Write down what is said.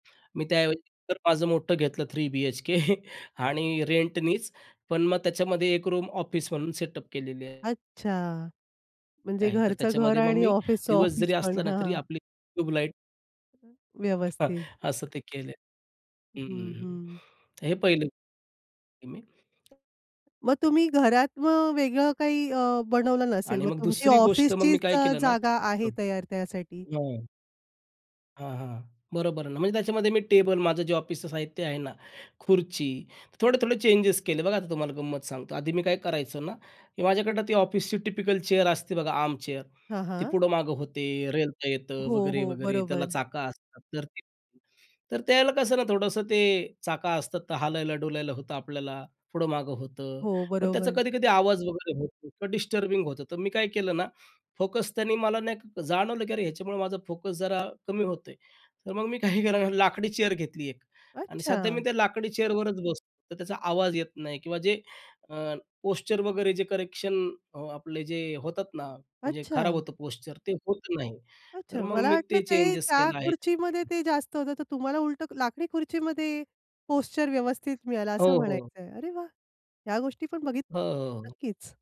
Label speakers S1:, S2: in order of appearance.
S1: मी त्या ऐवजी तर माझं मोठं घेतलं 3 बी-एच-के आणि रेंटनीच. पण मग त्याच्यामध्ये एक रूम ऑफिस म्हणून सेटअप केलेली आहे.
S2: अच्छा. म्हणजे
S1: आहे. तर
S2: घरचं घर
S1: त्याच्यामध्ये मग
S2: आणि
S1: मी
S2: ऑफिसच
S1: दिवस
S2: ऑफिस
S1: जरी
S2: पण.
S1: असला ना,
S2: हां,
S1: तरी
S2: हां.
S1: आपली ट्यूब लाइट
S2: हं, हं. व्यवस्थित.
S1: असं ते केले. हं, हं,
S2: हं,
S1: हं.
S2: हं.
S1: तर हे पहिलं. ते मी
S2: मग तुम्ही घरात मग वेगळं काही अ, बनवलं नसेल
S1: आणि
S2: मग?
S1: मग
S2: तुमची
S1: दुसरी गोष्ट मग मी
S2: ऑफिसचीच
S1: काय
S2: अ,
S1: केलं ना, की
S2: जागा आहे तयार त्यासाठी.
S1: हां. हां, हां. बरोबर आहे ना. म्हणजे त्याच्यामध्ये मी टेबल माझं जे ऑफिसचं साहित्य आहे ना, खुर्ची, थोडे-थोडे चेंजेस केले. बघा, आता तुम्हाला गंमत सांगतो. आधी मी काय करायचो ना की माझ्याकडं ती ऑफिसची टिपिकल चेअर असते बघा आर्म चेअर.
S2: हां,
S1: ती
S2: हां.
S1: पुढं मागं होते, रेलता येतं
S2: हो,
S1: वगैरे,
S2: हो.
S1: वगैरे त्याला
S2: बरोबर.
S1: चाक असतात तर ते तर त्याला कसं ना, थोडंसं ते चाक असतात तर हालायला-डूलायला होतं आपल्याला, पुढं-मागं होतं.
S2: हो,
S1: मग त्याचा
S2: बरोबर.
S1: कधी-कधी आवाज वगैरे होतो किंवा डिस्टर्बिंग होतं. तर मी काय केलं ना, फोकस त्यांनी मला नाही जाणवलं की अरे ह्याच्यामुळं माझा फोकस जरा कमी होत आहे. तर मग मी काही केलं ना, लाकडी चेअर घेतली एक आणि सध्या मी
S2: अच्छा!
S1: त्या लाकडी चेअरवरच बसतो. तर त्याचा आवाज येत नाही किंवा जे अ, पोश्चर वगैरे जे करेक्शन अ, आपले जे होतात ना म्हणजे खराब
S2: अच्छा!
S1: होतं पोश्चर ते होत नाही.
S2: अच्छा,
S1: तर मग
S2: मला
S1: मी
S2: वाटलं
S1: ते
S2: ते
S1: चेंजेस
S2: त्या
S1: केलं आहे.
S2: खुर्चीमध्ये ते जास्त होतं तर तुम्हाला उलटं लाकडी खुर्चीमध्ये पोश्चर व्यवस्थित मिळाला
S1: हो,
S2: असं
S1: हो.
S2: म्हणायचंय. अरे वाह! ह्या गोष्टी पण
S1: हो,
S2: बघितल्या
S1: हो, हो.
S2: नक्कीच.